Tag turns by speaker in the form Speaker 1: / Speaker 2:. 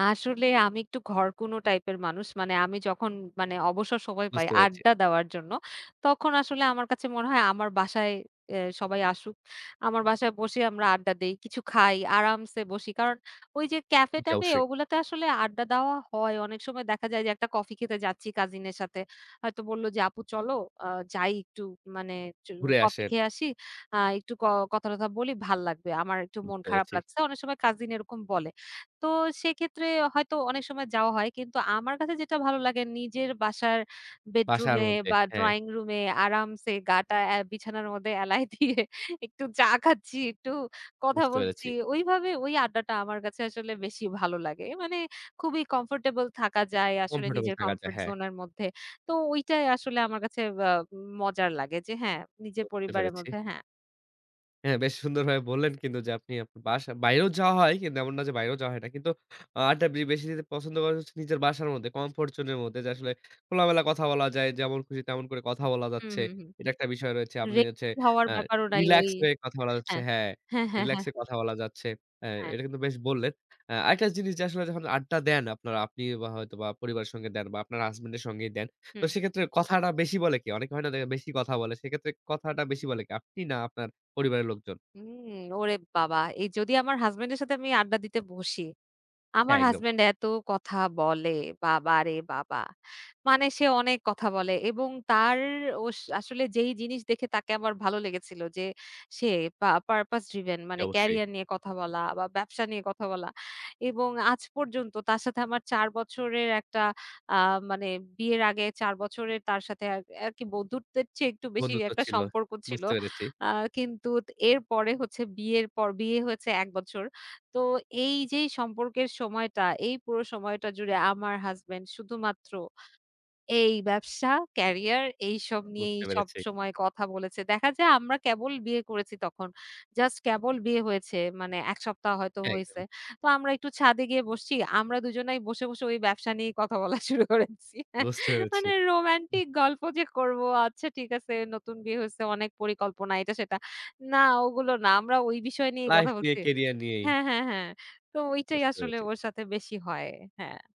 Speaker 1: আসলে, আমি একটু ঘরকুনো টাইপের মানুষ। মানে, আমি যখন, মানে, অবসর সময় পাই
Speaker 2: বুঝতে পেরেছি।
Speaker 1: আড্ডা দেওয়ার জন্য, তখন আসলে আমার কাছে মনে হয়, আমার বাসায় অ্যা সবাই আসুক। আমার বাসায় বসে আমরা আড্ডা দেই, কিছু খাই, আরামসে বসি। কারণ, ওই যে ক্যাফে
Speaker 2: জি,
Speaker 1: ট্যাফে,
Speaker 2: অবশ্যই।
Speaker 1: ওগুলোতে আসলে আড্ডা দেওয়া হয়। অনেক সময় দেখা যায় যে, একটা কফি খেতে যাচ্ছি কাজিনের সাথে। হয়তো বলল যে, আপু চলো অ যাই, একটু একচু মানে
Speaker 2: ঘুরে
Speaker 1: কফি
Speaker 2: আসে।
Speaker 1: একটু খেয়ে আসি। আ একটু ক কথা টথা বলি, ভালো লাগবে। আমার একটু মন
Speaker 2: বুঝতে
Speaker 1: খারাপ
Speaker 2: পারছি।
Speaker 1: লাগছে। অনেক সময় কাজিন এরকম বলে। তো সেক্ষেত্রে হয়তো অনেক সময় যাওয়া হয়। কিন্তু আমার কাছে যেটা ভালো লাগে, নিজের বাসার
Speaker 2: বাসার
Speaker 1: বেডরুমে
Speaker 2: মধ্যে।
Speaker 1: বা
Speaker 2: হ্যাঁ।
Speaker 1: ড্রয়িং রুমে আরামসে, গা টা অ্যা বিছানার মধ্যে এলায় দিয়ে একটু চা খাচ্ছি, একটু কথা
Speaker 2: বুঝতে পেরেছি।
Speaker 1: বলছি ওইভাবে, ওই আড্ডাটা আমার কাছে আসলে বেশি ভালো লাগে। মানে, খুবই কমফোর্টেবল থাকা যায়, আসলে
Speaker 2: কমফোর্টেবল
Speaker 1: নিজের
Speaker 2: থাকা যায়,
Speaker 1: কমফোর্ট
Speaker 2: হ্যাঁ।
Speaker 1: জোনের মধ্যে। তো ঐটাই আসলে আমার কাছে আ মজার লাগে, যে হ্যাঁ,
Speaker 2: তো,
Speaker 1: নিজের
Speaker 2: বুঝতে
Speaker 1: পরিবারের
Speaker 2: পেরছি।
Speaker 1: মধ্যে, হ্যাঁ।
Speaker 2: হ্যাঁ, বেশ সুন্দরভাবে বললেন কিন্তু যে, আপনি আপ বাসা বাইরেও যাওয়া হয়, কিন্তু এমন না যে বাইরেও যাওয়া হয় না। কিন্তু আ আড্ডা বে বেশি দিতে পছন্দ করেন হচ্ছে নিজের বাসার মধ্যে, কমফোর্ট জোনের মধ্যে। যে, আসলে, খোলামেলা কথা বলা যায়, যেমন খুশি তেমন করে কথা বলা
Speaker 1: হু,
Speaker 2: যাচ্ছে।
Speaker 1: হু, হু।
Speaker 2: এটা একটা বিষয় রয়েছে। আপনি
Speaker 1: রেক
Speaker 2: হচ্ছে
Speaker 1: হওয়ার
Speaker 2: আ
Speaker 1: ব্যাপারও নাই, ওই,
Speaker 2: রিল্যাক্স হয়ে কথা বলা যাচ্ছে।
Speaker 1: হ্যাঁ,
Speaker 2: হ্যাঁ,
Speaker 1: হ্যাঁ, হ্যাঁ, হ্যাঁ।
Speaker 2: রিল্যাক্সে কথা বলা যাচ্ছে। হ্যাঁ,
Speaker 1: হ্যাঁ।
Speaker 2: এটা কিন্তু বেশ বললেন। আ আরেকটা জিনিস, যে আসলে যখন আড্ডা দেন আপনারা। আপনি বা হয়তো বা পরিবারের সঙ্গে দেন, বা আপনার হাসব্যান্ডের সঙ্গেই দেন। তো
Speaker 1: হুম।
Speaker 2: সেক্ষেত্রে, কথাটা বেশি বলে কে? অনেকে হয় না, যে বেশি কথা বলে। সেক্ষেত্রে, কথাটা বেশি বলে কে? আপনি, না আপনার পরিবারের লোকজন?
Speaker 1: উম ওরে বাবা! এই যদি আমার হাসব্যান্ডের সাথে আমি আড্ডা দিতে বসি, আমার
Speaker 2: হ্যাঁ, একদম।
Speaker 1: হাসব্যান্ড এত কথা বলে, বাবা রে বাবা! মানে সে অনেক কথা বলে। এবং তার ওস আসলে যেই জিনিস দেখে তাকে আমার ভালো লেগেছিল যে, সে পা পারপাজ ড্রিভেন।
Speaker 2: জি,
Speaker 1: মানে,
Speaker 2: অবশ্যই।
Speaker 1: ক্যারিয়ার নিয়ে কথা বলা, বা ব্যবসা নিয়ে কথা বলা। এবং আজ পর্যন্ত তার সাথে আমার ৪ বছরের একটা, আ মানে, বিয়ের আগে ৪ বছরের, তার সাথে আর আরকি বন্ধুত্বের চেয়ে একটু বেশি
Speaker 2: বন্ধুত্ব
Speaker 1: একটা
Speaker 2: ছিল।
Speaker 1: সম্পর্ক ছিল।
Speaker 2: বুঝতে পেরেছি।
Speaker 1: আ কিন্তু এরপরে হচ্ছে বিয়ের পর, বিয়ে হয়েছে ১ বছর। তো এই যেই সম্পর্কের সময়টা, এই পুরো সময়টা জুড়ে, আমার হাসব্যান্ড শুধুমাত্র এই ব্যবসা, ক্যারিয়ার, এইসব নিয়েই
Speaker 2: বুঝতে পেরেছি।
Speaker 1: সবসময় কথা বলেছে। দেখা যায়, আমরা কেবল বিয়ে করেছি তখন। জাস্ট কেবল বিয়ে হয়েছে, মানে, ১ সপ্তাহ হয়তো হইছে।
Speaker 2: একদম।
Speaker 1: তো আমরা একটু ছাদে গিয়ে বসছি। আমরা দুজনাই বসে, বসে, ওই ব্যবসা নিয়ে কথা বলা শুরু করেছি।
Speaker 2: বুঝতে পেরেছি।
Speaker 1: মানে,
Speaker 2: উ,
Speaker 1: রোমান্টিক গল্প যে করব, আচ্ছা ঠিক আছে, নতুন বিয়ে হয়েছে, অনেক পরিকল্পনা, এটা সেটা। না, ওগুলো না। আমরা ওই বিষয় নিয়ে
Speaker 2: লাইফ
Speaker 1: কথা
Speaker 2: নিয়ে,
Speaker 1: বলছি
Speaker 2: ক্যারিয়ার নিয়েই।
Speaker 1: হ্যাঁ, হ্যাঁ, হ্যাঁ। তো ঐটাই
Speaker 2: বুঝতে
Speaker 1: আসলে
Speaker 2: পেরেছি।
Speaker 1: ওর সাথে বেশি হয়। হ্যাঁ।